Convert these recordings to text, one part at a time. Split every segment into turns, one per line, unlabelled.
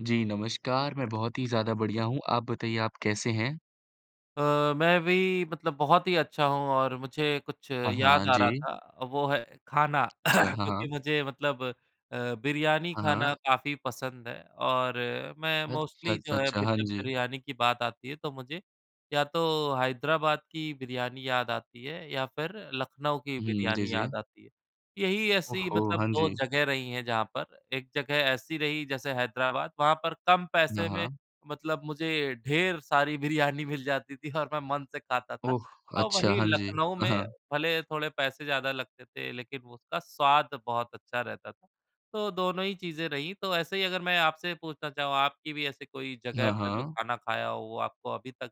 जी, नमस्कार, मैं बहुत ही ज़्यादा बढ़िया हूँ। आप बताइए, आप कैसे हैं?
अ, मैं भी मतलब बहुत ही अच्छा हूँ और मुझे कुछ
हाँ, हाँ,
याद आ रहा
जी।
था, वो है खाना।
अच्छा, हाँ,
क्योंकि
हाँ।
मुझे मतलब अ, बिरयानी
हाँ,
खाना
हाँ।
काफ़ी पसंद है और मैं
अच्छा,
मोस्टली जो
अच्छा,
है,
अच्छा,
बि
हाँ
अ,
जी।
बिरयानी की बात आती है तो मुझे या तो हैदराबाद की बिरयानी याद आती है या फिर लखनऊ की
उहुँ, जी,
बिरयानी याद
जी।
आती है। यही
ओह
ऐसी
हो!
मतलब
हाँ
2
जी।
जगह रही हैं जहाँ पर एक जगह ऐसी रही जैसे हैदराबाद, वहाँ पर कम
हाँ,
पैसे में
हाँ।
मतलब मुझे ढेर सारी बिरयानी मिल जाती थी और मैं मन से खाता था
ओह!
और
अच्छा,
वहीं
हाँ जी।
लखनऊ
अ,
में
हाँ।
भले थोड़े पैसे ज़्यादा लगते थे लेकिन उसका स्वाद बहुत अच्छा रहता था। तो दोनों ही चीज़ें रही तो ऐसे ही अगर मैं आपसे पूछना चाहूँ, आपकी भी ऐसी कोई जगह
हाँ,
पर जो
हाँ।
खाना खाया हो, वो आपको अभी तक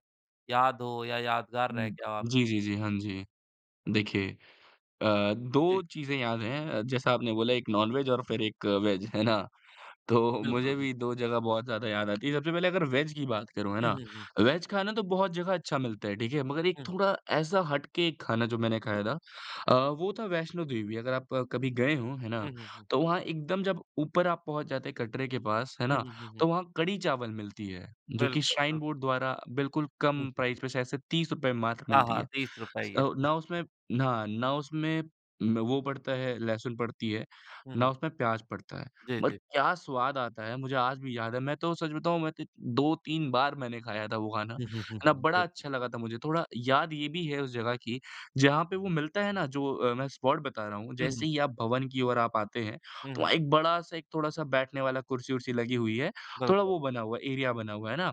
याद हो या यादगार रह
उम,
गया हो
जी,
आपके
जी,
लिए?
जी, हाँ जी। देखिए अ, 2
जी।
चीज़ें याद हैं। जैसा आपने बोला एक नॉन-वेज और फिर एक वेज है ना? तो
बिल्कुल,
मुझे
बिल
भी 2 जगह बहुत ज़्यादा याद आती हैं। सबसे पहले अगर वेज की बात करूँ है
हुँ,
ना?
हुँ, हुँ।
वेज खाना तो बहुत जगह अच्छा मिलता है ठीक है? मगर एक
हुँ।
थोड़ा ऐसा हट के एक खाना जो मैंने खाया था अ, वो था वैष्णो देवी। अगर आप कभी गए हों, है
उ,
ना?
हुँ, हुँ।
तो वहाँ एकदम जब ऊपर आप पहुँच जाते हैं कटरे के पास है
उ,
ना?
हुँ, हुँ, हुँ।
तो वहाँ कड़ी-चावल मिलती है, जो कि
बिल्कुल,
श्राइन
बिल
बोर्ड द्वारा बिल्कुल कम प्राइज़ पे शायद से ₹30 मात्र
हाँ,
मिलती
हाँ,
है।
₹30 ही है।
औ ना उसमें हाँ, ना उसमें उम, ब वो पड़ता है, लहसुन पड़ती है,
हुँ,
ना
हुँ।
उसमें प्याज़ पड़ता है,
जी,
बट
जी।
क्या स्वाद आता है, मुझे आज भी याद है। मैं तो सच बताऊँ, मैं तो 2-3 बार मैंने खाया था वो खाना,
हुँ, हुँ,
है ना?
हुँ।
बड़ा
बिल्कुल।
अच्छा लगा था मुझे। थोड़ा याद ये भी है उस जगह की, जहाँ पे वो मिलता है ना, जो अ, मैं स्पॉट बता रहा हूँ।
उहुँ।
जैसे ही आप भवन की ओर आप आते हैं,
हुँ,
तो वहाँ
हुँ।
एक बड़ा-सा एक थोड़ा-सा बैठने वाला कुर्सी-वुर्सी लगी हुई है। थोड़ा
बिल्कुल।
वो बना हुआ है, एरिया बना हुआ है। है ना?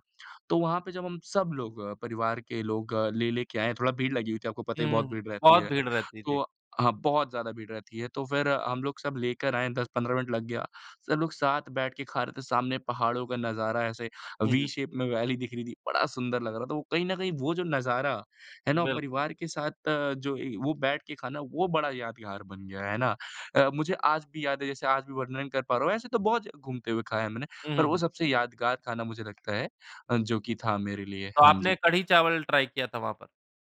तो वहाँ पे जब हम सब लोग, परिवार के लोग ले-ले के आए, थोड़ा भीड़ लगी हुई थी। आपको पता ही है,
हुँ,
बहुत
हुँ,
भीड़ रहती
बहुत
है।
भीड़ रहती थी।
तो हाँ, बहुत ज़्यादा भीड़ रहती है तो फिर हम लोग सब लेकर आए 10-15 मिनट लग गया। सब लोग साथ बैठ के खा रहे थे। सामने पहाड़ों का नज़ारा ऐसे
हुँ,
वी
हुँ।
शेप में वैली दिख रही थी, बड़ा सुंदर लग रहा था वो। कहीं न कहीं वो जो नज़ारा है ना?
बिल्कुल।
परिवार के साथ जो ए वो बैठ के खाना, वो बड़ा यादगार बन गया। है ना? अ, मुझे आज भी याद है जैसे आज भी वर्णन कर पा रहा हूँ। ऐसे तो बहुत घूमते हुए खाया है हम ने
उ, हुँ,
पर वो
हुँ।
सबसे यादगार खाना मुझे लगता है अ, जो कि था मेरे लिए।
तो
हाँ
आपने
जी।
कढ़ी-चावल ट्राई किया था वहाँ पर।